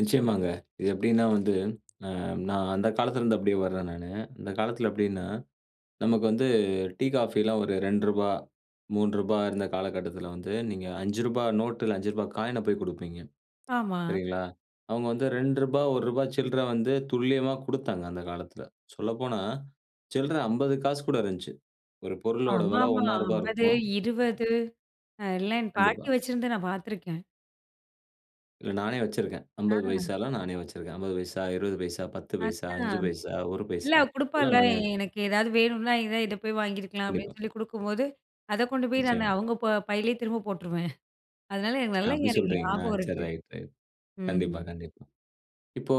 நிச்சயமாங்க. இது எப்படினா வந்து ஆ நான் அந்த காலத்தில இருந்து அப்டியே வர்றேன் நானு. அந்த காலத்தில எப்டினா நமக்கு வந்து டீ, காஃபில்லாம் ஒரு ரூ. 2 ரூ. 3 இருந்த காலகட்டத்தில வந்து, நீங்க ரூ. 5 நோட்டு, இல்ல ரூ. 5 காயின் ன போய் குடுப்பீங்க. ஆமா. சரிங்களா? அவுங்க வந்து ரூ. 2, ரூ. 1 சில்ர வந்து துல்லியமா குடுத்தாங்க அந்த காலத்தில. சொல்லப்போனா, சில்ற 50 காசு கூட இருந்துச்சு. ஒரு பொருளோட வெல ஆமாமா. ரூ. 1.50 50, இருக்கும். 20 அ எல்லாம் என் பாட்டி கண்டிப்பா. வெச்சிருந்து நான் பாத்துருக்கேன். இல்ல நானே வச்சிருக்கேன். 50 ஆ. பைசாலாம் நானே வச்சிருக்கேன். 50 பைசா, 20 பைசா, 10 பைசா, 5 அதான். பைசா, 1 இல்ல பைசா அவ குடுப்பாள! எல்லாம் நானே வச்சிருக்கேன். எனக்கு "ஏதாவது வேணுனா இதா இத போய் வாங்கியிருக்கலாம்" அப்படின்னு கண்டிப்பா. சொல்லி குடுக்கும்போது, அத கொண்டு போய் நான் நிச்சயமா. அவுங்க ப பையிலயே திரும்ப போட்டுருவேன். அதனால, எனக்கு நல்லா அப்டி [unintelligible] எனக்கு சொல்கிறீங்களா ஞாபகம் சரி இருக்கு. ரைட்டு. ம். கண்டிப்பா, கண்டிப்பா. இப்போ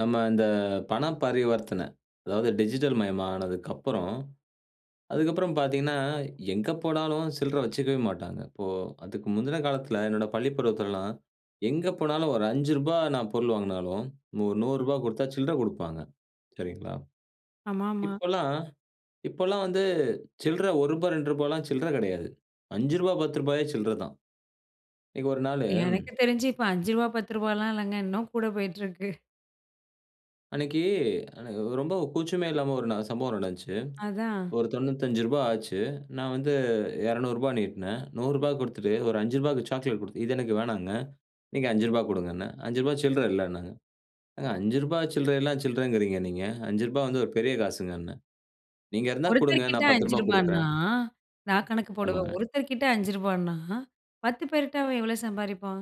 நம்ம இந்த பண பரிவர்த்தன அதாவது டிஜிட்டல் மயமானதுக்கப்புறம் அதுக்கப்புறம் பாத்தீங்கன்னா, எங்க போனாலும் சில்ற வச்சுக்கவே மாட்டாங்க. இப்போ அதுக்கு முந்தின காலத்தில, என்னோட பள்ளிப்பருவத்துலலாம் எங்க போனாலும் ஒரு ரூ. 5 நான் பொருள் வாங்கினாலும், நூ ரூ. 100 குடுத்தா சில்ற குடுப்பாங்க. சரிங்களா? ஆமாமா. இப்பலாம் இப்பலாம் வந்து சில்ற ரூ. 1, ரூ. 2 லாம் சில்ற கிடையாது. ரூ. 5 ரூ. 10 யே சில்ற தான். அன்னைக்கு ஒரு நாளு எனக்கு தெரிஞ்சு இப்ப ரூ. 5 ரூ.10 லாம் இல்லங்க, இன்னும் கூட போயிட்டிருக்கு. அன்னைக்கு அன்ன உ ரொம்ப கூச்சமே இல்லாம ஒரு ந சம்பவம் நடந்துச்சு. அதான். ஒரு ரூ. 95 ஆச்சு நான் வந்து ரூ. 200 நீட்னேன். ரூ.100 குடுத்துட்டு ஒரு ரூ. 5 க்கு சாக்லேட் குடுத்து இது எனக்கு வேணாங்க. நீங்க ரூ. 5 குடுங்கன்னேன். ரூ. 5 சில்ற இல்லன்னாங்க. ஏங்க ரூ. 5 சில்றயெல்லாம் சில்றங்கிறீங்க நீங்க. ரூ. 5 வந்து ஒரு பெரிய காசுங்கன்னேன். "நீங்க இருந்தா குடுங்க ஒருத்தர் கிட்ட நான் ரூ. 10 ரூ. 5 ன்னா குடுக்குறேன்" நான் கணக்கு போடுவேன். ஆமாங்க. ஒருத்தர் கிட்ட ரூ. 5 ன்னா, 10 பேர்ட்ட அவன் எவ்வளோ சம்பாரிப்பான்?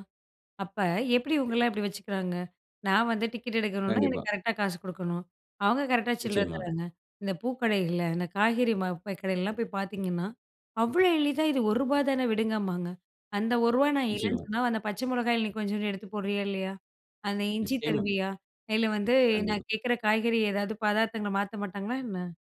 அப்ப எப்படி எ இவங்கலாம் இப்படி வச்சுக்கிறாங்க? நான் வந்து டிக்கெட் எடுக்கணும்னா கண்டிப்பா. எனக்கு கரெக்ட்டா காசு குடுக்கணும். அவுங்க கரெக்ட்டா சில்லற நிச்சயமா. தராங்க. இந்த பூக்கடைகள்ல, இந்த காய்கறி மா போய் கடைலலாம் போய் பாத்தீங்கன்னா, அவ்வளோ எளிதா இது ரூ. 1 தானே விடுங்கம்பாங்க, அந்த ரூ. 1 நான் இல்லன்னு நிச்சயமா. சொன்னா அந்த பச்ச மொளகாயில நீ கொஞ்ஜோன்டு எடுத்து போடுறியா இல்லையா? அந்த இஞ்சி நிச்சயமா. தருவியா? இல்ல வந்து கண்டிப்பா. நான் கேட்கிற காய்கறி ஏதாவது பதார்த்தங்கள மாத்த மாட்டாங்களா என்ன?